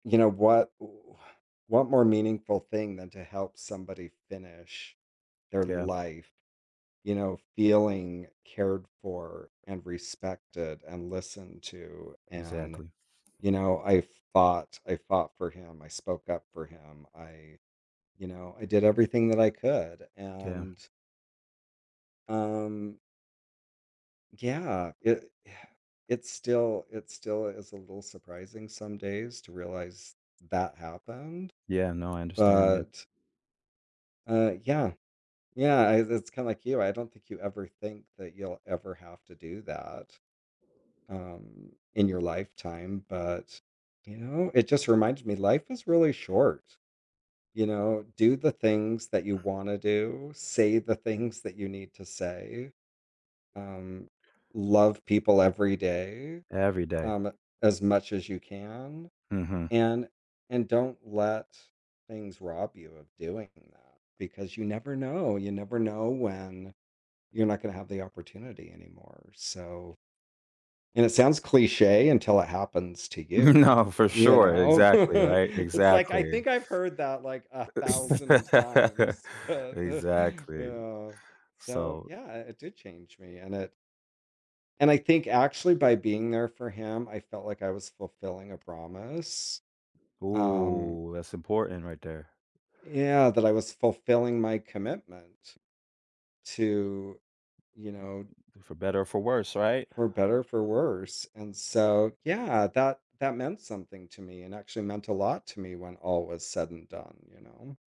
You know, what wh what more meaningful thing than to help somebody finish their Yeah. life, you know, feeling cared for, and respected, and listened to, and, Exactly. you know, I fought I fought for him, I spoke up for him, I you know, I did everything that I could, 'K yeah. and Um Yeah, it yeah, it's still it still is a little surprising some days to realize that happened, Yeah, no, I understand, yeah. but Uh, yeah yeah, i it's kinda like you, I don't think you ever think that you'll ever have to do that, um, in your lifetime, but, you know, it just reminds me life is really short, you know, do the things that you wanna do, say the things that you need to say, um, love people every day, Every day, um, as much as you can, Mhm. and and don't let things rob you of doing that. Because you never know you never know when you're not gonna have the opportunity anymore, so and it sounds cliche until it happens to you, No, for you sure, know, exactly, right, it's, like, I exactly. think I've heard that, like, a thousand times, but, Exactly, yeah so so yeah, it did change me, and it And I think, actually, by being there for him, I felt like I was fulfilling a promise, um Ooh, that's important right there. uh yeah, that I was fulfilling my commitment to, you know For better or for worse, right. For better or for worse, and so yeah, that that meant something to me, and actually meant a lot to me when all was said and done, you know?